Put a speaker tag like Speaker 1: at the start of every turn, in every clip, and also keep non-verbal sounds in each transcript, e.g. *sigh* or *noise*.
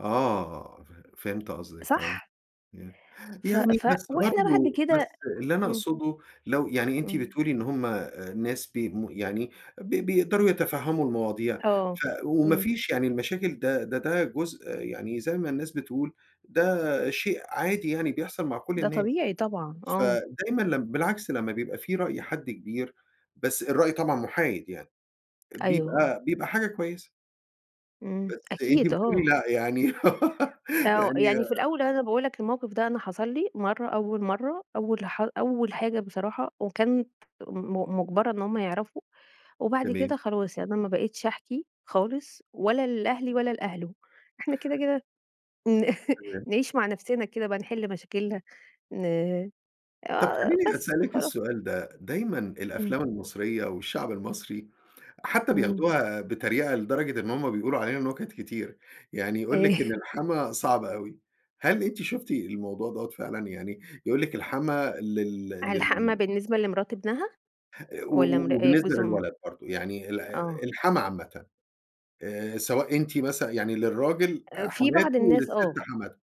Speaker 1: آه. فه فهمت قصدِك آه.
Speaker 2: صح؟
Speaker 1: ي
Speaker 2: ف
Speaker 1: يعني
Speaker 2: ف
Speaker 1: بس
Speaker 2: وإحنا بعد
Speaker 1: برضه
Speaker 2: كده
Speaker 1: بس اللي أنا
Speaker 2: إمم.
Speaker 1: اقصده لو يعني أنتِ
Speaker 2: إمم.
Speaker 1: بتقولي إن هم الناس بي مو يعني ب بيقدروا يتفهّموا المواضيع.
Speaker 2: آه.
Speaker 1: ف وما
Speaker 2: إمم.
Speaker 1: فيش يعني المشاكل ده ده ده جزء يعني زي ما الناس بتقول، ده شيء عادي يعني بيحصل مع كل
Speaker 2: ده
Speaker 1: الناس.
Speaker 2: طبيعي طبعًا. آه.
Speaker 1: فدايمًا لم بالعكس لما بيبقى في رأي حد كبير، بس الرأي طبعًا مُحايد يعني،
Speaker 2: أيوه، آه.
Speaker 1: بيبقى بيبقى حاجة كويسة.
Speaker 2: إمم.
Speaker 1: بس أنتِ
Speaker 2: أكيد
Speaker 1: بتقولي
Speaker 2: آه.
Speaker 1: لأ يعني *laughs*
Speaker 2: آه.
Speaker 1: يعني
Speaker 2: يعني في الأول أنا باقول لك الموقف ده أنا حصل لي مرة، أول مرة أول ح أول حاجة بصراحة، وكانت م مجبرة إن هم يعرفوا. وبعد
Speaker 1: تمام.
Speaker 2: كده خلاص. يعني أنا ما بقيتش احكي خالص ولا لأهلي ،ولا لأهله. إحنا كده، كده ن
Speaker 1: تمام.
Speaker 2: نعيش مع نفسنا كده بقى نحل مشاكلنا ن
Speaker 1: طب
Speaker 2: آه
Speaker 1: خلّيني
Speaker 2: بس
Speaker 1: أسألِك
Speaker 2: وخلا
Speaker 1: السؤال ده. دايمًا
Speaker 2: إمم.
Speaker 1: الأفلام المصرية، والشعب المصري حتى
Speaker 2: إمم.
Speaker 1: بياخدوها بتريقة لدرجة إن هم بيقولوا علينا نُكت كتير. يعني يقول
Speaker 2: إيه؟
Speaker 1: لِك إن الحَمَاة صعب أوي. هل أنتِ شُفتِ الموضوع دوّة فعلًا يعني؟ يقول لِك الحَمَاة لل
Speaker 2: الحماة
Speaker 1: لل
Speaker 2: بالنسبة لمرات ابنها؟
Speaker 1: و
Speaker 2: والَّا
Speaker 1: و
Speaker 2: مر
Speaker 1: وبالنسبة
Speaker 2: جوز أم
Speaker 1: للولد برضه. يعني ال
Speaker 2: آه.
Speaker 1: الحَمَاة عامةً. آآ سواء أنتِ مثلًا يعني للراجل
Speaker 2: آآ في بعض
Speaker 1: حماته
Speaker 2: الناس
Speaker 1: وللست
Speaker 2: آه.
Speaker 1: حماتها.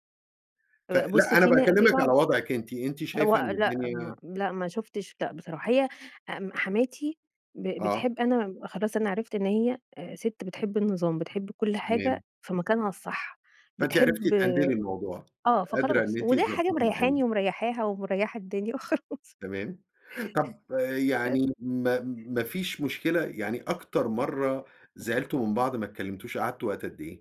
Speaker 2: آآ بُص،
Speaker 1: فلأ أنا
Speaker 2: في نا في
Speaker 1: باكلمِك
Speaker 2: بعض
Speaker 1: على وضعِك أنتِ. أنتِ
Speaker 2: هو
Speaker 1: شايفة إن
Speaker 2: لأ، هم
Speaker 1: الدنيا
Speaker 2: لأ ما شُفتِش لأ بصراحة. هي ام حماتي ب
Speaker 1: آه.
Speaker 2: بتحب أنا خلاص أنا عرفت إن هي آآ سِت بتحب النظام. بتحب كل
Speaker 1: تمام.
Speaker 2: حاجة في مكانها الصح.
Speaker 1: فأنتِ عرفتِ
Speaker 2: بتحب
Speaker 1: تهندلي الموضوع.
Speaker 2: آه.
Speaker 1: قادرة
Speaker 2: فخلاص
Speaker 1: إن أنتِ
Speaker 2: ودي حاجة
Speaker 1: تضبّطي الدنيا.
Speaker 2: مريّحاني، ومريّحاها، ومريّحة الدنيا وخلاص.
Speaker 1: تمام. طب
Speaker 2: آآ
Speaker 1: يعني ما ما فيش مشكلة يعني أكتر مرة زعلتوا من بعض ما اتكلمتوش، قعدتوا وقت قد إيه؟